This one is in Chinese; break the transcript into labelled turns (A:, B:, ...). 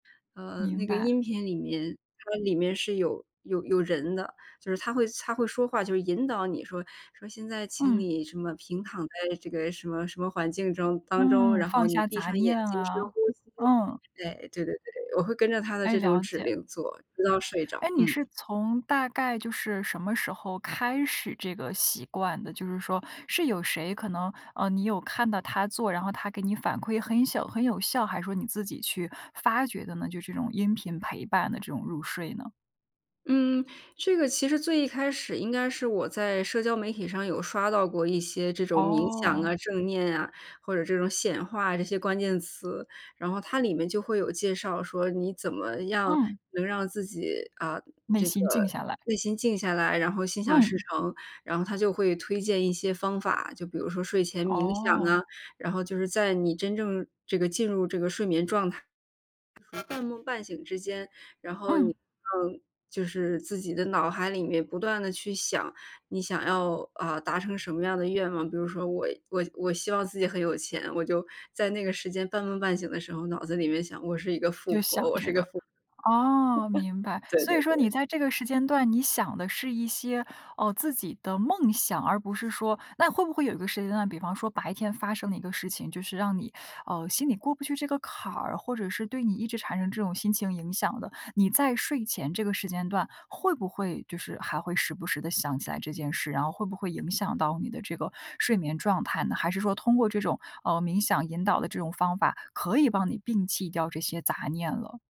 A: 呃，
B: 明
A: 那个
B: 白。
A: 音频里面，它里面是有有有人的。就是他会他会说话，就是引导你说说：“现在，请
B: 嗯。
A: 你什么，平躺在这个什么什么环境中当中。
B: 嗯，
A: 然后
B: 放
A: 你
B: 下
A: 闭
B: 杂
A: 上眼
B: 念
A: 睛深
B: 啊，
A: 呼吸。”
B: 嗯。
A: 对，对对对，我会跟着他的
B: 哎，
A: 这种
B: 了
A: 指
B: 解。
A: 令做，直到睡着，
B: 哎，你
A: 嗯。
B: 是从大概就是什么时候开始这个习惯的？就是说，是有谁可能，呃，你有看到他做，然后他给你反馈，很有小很有效，还是说你自己去发掘的呢，就是这种音频陪伴的这种入睡呢？
A: 嗯，这个其实最一开始，应该是我在社交媒体上，有刷到过一些，这种冥想
B: 哦。
A: 啊、正念啊，或者这种显化啊，这些关键词。然后它里面就会有介绍说，你怎么样，
B: 嗯。
A: 能让自己，啊，
B: 内
A: 这个
B: 心静下来。
A: 内心静下来，然后心想事
B: 嗯。
A: 成。然后他就会推荐一些方法，就比如说睡前冥想
B: 哦。
A: 啊。然后就是在你真正这个，进入这个睡眠状态，半梦半醒之间，然后你，
B: 嗯。
A: 呃，就是自己的脑海里面不断地去想，你想要，啊，达成什么样的愿望。比如说，我我我希望自己很有钱，我就在那个时间半梦半醒的时候，脑子里面想：“我是一个富
B: 就想
A: 婆，我是
B: 这
A: 一个
B: 个，
A: 富婆。”
B: 哦，明白。
A: 对
B: 所
A: 对
B: 以说，你
A: 对。
B: 在这个时间段，你想的是一些，呃，自己的梦想，而不是说那会不会有一个时间段，比方说白天发生的一个事情，就是让你，呃，心里过不去这个坎儿，或者是对你一直产生这种心情影响的。你在睡前这个时间段，会不会就是还会时不时地想起来这件事，然后会不会影响到你的这个睡眠状态呢？还是说，通过这种，呃，冥想引导的这种方法，可以帮你摒弃掉这些杂念了？